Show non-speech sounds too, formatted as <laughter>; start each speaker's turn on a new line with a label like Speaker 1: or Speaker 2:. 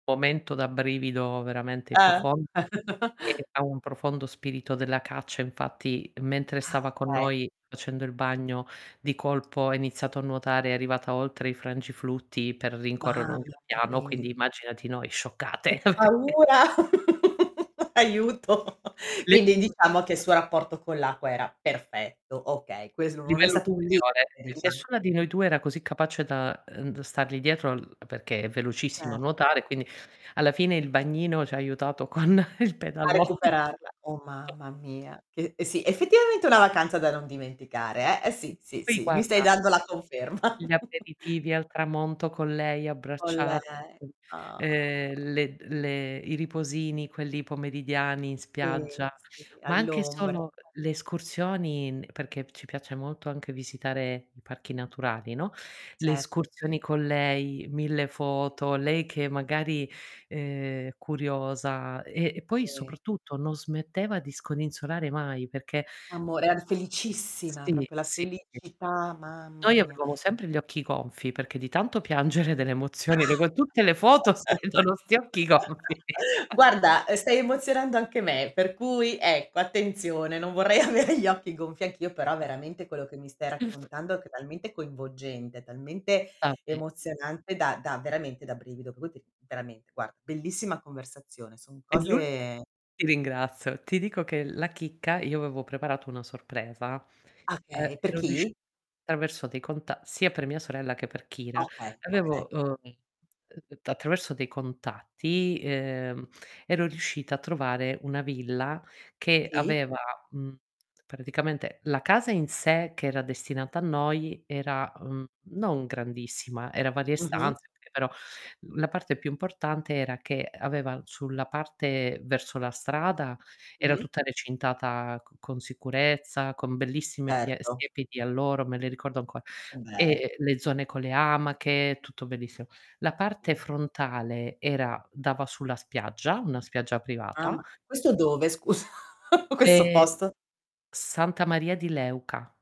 Speaker 1: Momento da brivido veramente
Speaker 2: Eh.
Speaker 1: profondo.
Speaker 2: <chuckles>
Speaker 1: E ha un profondo spirito della caccia, infatti mentre
Speaker 2: Ah,
Speaker 1: stava con
Speaker 2: okay.
Speaker 1: noi facendo il bagno, di colpo ha iniziato a nuotare, è arrivata oltre i frangiflutti per rincorrere
Speaker 2: Mamma
Speaker 1: un gabbiano,
Speaker 2: mi
Speaker 1: quindi immaginati noi scioccate.
Speaker 2: Che
Speaker 1: <chuckles> <unintelligible>
Speaker 2: paura, <chuckles> aiuto. Quindi
Speaker 1: <unintelligible>
Speaker 2: diciamo che il suo rapporto con l'acqua era perfetto. Okay, questo non è
Speaker 1: Livello
Speaker 2: stato un
Speaker 1: superiore,
Speaker 2: limite,
Speaker 1: e
Speaker 2: diciamo.
Speaker 1: nessuna di noi 2 era così capace da, ehm, d stargli dietro l perché è velocissima a
Speaker 2: Cer
Speaker 1: nuotare, quindi alla fine il bagnino ci ha aiutato con il
Speaker 2: A
Speaker 1: pedalò.
Speaker 2: recuperarla. Oh,
Speaker 1: <chuckles>
Speaker 2: mamma mia che e sì, effettivamente è una vacanza da non dimenticare eh, e sì, sì,
Speaker 1: Poi
Speaker 2: sì, mi stai
Speaker 1: guarda
Speaker 2: dando la conferma.
Speaker 1: gli
Speaker 2: <chuckles>
Speaker 1: aperitivi al tramonto con lei
Speaker 2: Con lei,
Speaker 1: abbracciate, ehm,
Speaker 2: ah.
Speaker 1: le le i riposini quelli pomeridiani in
Speaker 2: Sì,
Speaker 1: spiaggia,
Speaker 2: sì,
Speaker 1: ma anche
Speaker 2: all'ombra, eh.
Speaker 1: solo le escursioni n perché ci piace molto anche visitare i parchi naturali, no. Le
Speaker 2: Certo.
Speaker 1: escursioni con lei, 1000
Speaker 2: Bellis
Speaker 1: foto, lei che magari, ehm, curiosa e e poi
Speaker 2: Sì.
Speaker 1: soprattutto non smetteva di scodinzolare mai perché
Speaker 2: Amore, era felicissima,
Speaker 1: Sì,
Speaker 2: proprio la
Speaker 1: sì, sì.
Speaker 2: felicità, mamma
Speaker 1: Noi
Speaker 2: mia.
Speaker 1: avevamo sempre gli occhi gonfi, perché di tanto piangere delle emozioni, per cui tutte le foto si
Speaker 2: <chuckles>
Speaker 1: vedono 'sti occhi gonfi. <chuckles>
Speaker 2: Guarda, ehm, stai emozionando anche me, per cui ecco attenzione, non vorrei avere gli occhi gonfi anch'io, però veramente, quello che mi stai raccontando è che è talmente coinvolgente, talmente
Speaker 1: Ah beh.
Speaker 2: emozionante da da veramente da brivido, <unintelligible> veramente, guarda bellissima conversazione son
Speaker 1: E l'ulti
Speaker 2: cose
Speaker 1: ti ringrazio, ti dico che la chicca, io avevo preparato una sorpresa,
Speaker 2: Ah
Speaker 1: ehm,
Speaker 2: okay, per
Speaker 1: ero riuscit
Speaker 2: chi?
Speaker 1: attraverso dei conta sia per mia sorella che per
Speaker 2: Ah
Speaker 1: Kira
Speaker 2: okay, okay.
Speaker 1: avevo, ehm, uhm, attraverso dei contatti, ehm, ero riuscita a trovare una villa, che
Speaker 2: Sì.
Speaker 1: aveva mhmm, praticamente la casa in sé che era destinata a noi era, mhmm, non grandissima, era varie
Speaker 2: Mh-mh.
Speaker 1: stanze, okay, però la parte più importante era che aveva sulla parte verso la strada, era
Speaker 2: Mh-mh.
Speaker 1: tutta recintata c con sicurezza, con bellissime pia
Speaker 2: Certo.
Speaker 1: siepi di alloro, me le ricordo ancora,
Speaker 2: Che bel
Speaker 1: e le zone con le amache, tutto bellissimo. La parte
Speaker 2: Meravig
Speaker 1: frontale era dava sulla spiaggia, una spiaggia privata
Speaker 2: Mamma questo dove scusa? <chuckles> Questo
Speaker 1: E
Speaker 2: posto.
Speaker 1: Santa Maria di Leuca.